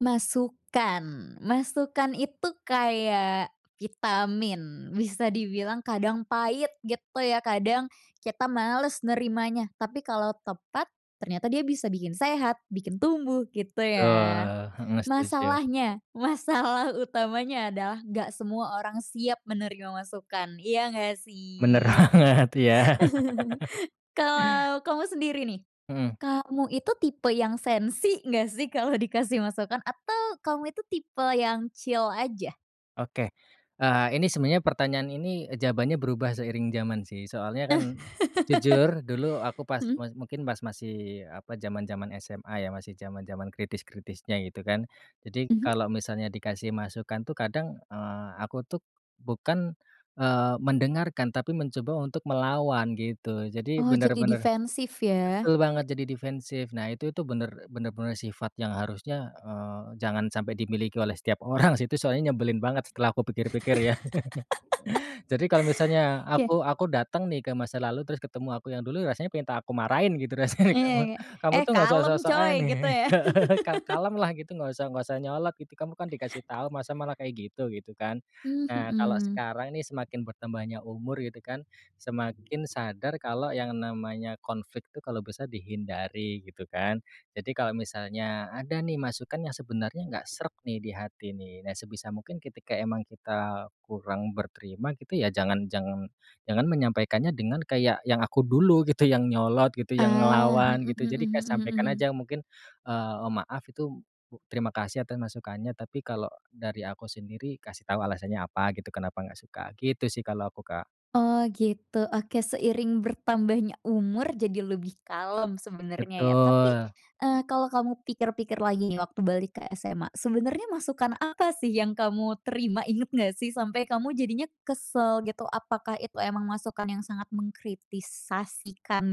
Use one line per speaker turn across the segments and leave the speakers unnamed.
Masukan. Masukan itu kayak vitamin. Bisa dibilang kadang pahit, gitu ya. Kadang kita malas nerimanya. Tapi kalau tepat, ternyata dia bisa bikin sehat, bikin tumbuh, gitu ya.
Betul, heeh, setuju.
Masalahnya, masalah utamanya adalah enggak semua orang siap menerima masukan, iya enggak
Bener
sih?
banget, iya.
Kalau kamu sendiri nih,
Mhm.
kamu itu tipe yang sensi enggak sih kalau dikasih masukan, atau kamu itu tipe yang chill aja?
Oke, eee, ini sebenarnya pertanyaan ini, jawabannya berubah seiring zaman sih. Soalnya kan, jujur dulu aku pas
Mhm.
pas mungkin pas masih apa, zaman-zaman SMA ya, masih zaman-zaman kritis-kritisnya gitu kan. Jadi,
Mhm.
kalau misalnya dikasih masukan tuh kadang, eee, aku tuh bukan, eee, mendengarkan tapi mencoba untuk melawan gitu. Jadi
Oh, jadi
benar-benar
defensif ya.
betul banget, jadi defensif. Nah, itu tu benar-benar sifat yang harusnya, eee, jangan sampai dimiliki oleh setiap orang sih. Itu soalnya nyebelin banget setelah kupikir-pikir ya. Jadi kalau misalnya
Oke.
aku aku datang nih ke masa lalu, terus ketemu aku yang dulu, rasanya pingin ta aku marahin gitu rasanya,
Iya
"Kamu
Kak.
kamu
"Eh,
tuh enggak usah
kalem coy,"
sok-sokan,
gitu ya.
ka kalem lah gitu, enggak usah enggak usah nyolot gitu. Kamu kan dikasih tahu, masa malah kayak gitu," gitu kan.
Mmm,
Nah, kalau
mhm.
sekarang ini semakin bertambahnya umur gitu kan, semakin sadar kalau yang namanya konflik tuh, kalau bisa dihindari gitu kan. Jadi, kalau misalnya ada nih masukan yang sebenarnya enggak sreg nih di hati nih, nah sebisa mungkin ketika emang kita kurang berterima gitu, ya jangan jangan jangan menyampaikannya dengan kayak yang aku dulu gitu, yang nyolot gitu, yang
Ah,
ngelawan
mhm
gitu.
mhm
Jadi
mhm
kayak
mhm
sampaikan
mhm.
aja mungkin, eee, "Maaf, itu terima kasih atas masukannya, tapi kalau dari aku sendiri" kasih tahu alasannya apa gitu, kenapa enggak suka. Gitu sih kalau aku, Kak.
Oh gitu, oke. Seiring bertambahnya umur, jadi lebih kalem sebenarnya ya. Tapi,
Betul.
eee, kalau kamu pikir-pikir lagi waktu balik ke SMA, sebenarnya masukan apa sih yang kamu terima, ingat enggak sih sampai kamu jadinya kesal gitu? Apakah itu memang masukan yang sangat mengkritisasikan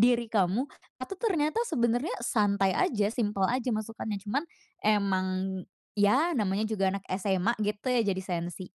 diri kamu, atau ternyata sebenarnya santai aja, simpel aja masukannya, cuma emang ya namanya juga anak SMA gitu ya jadi sensi?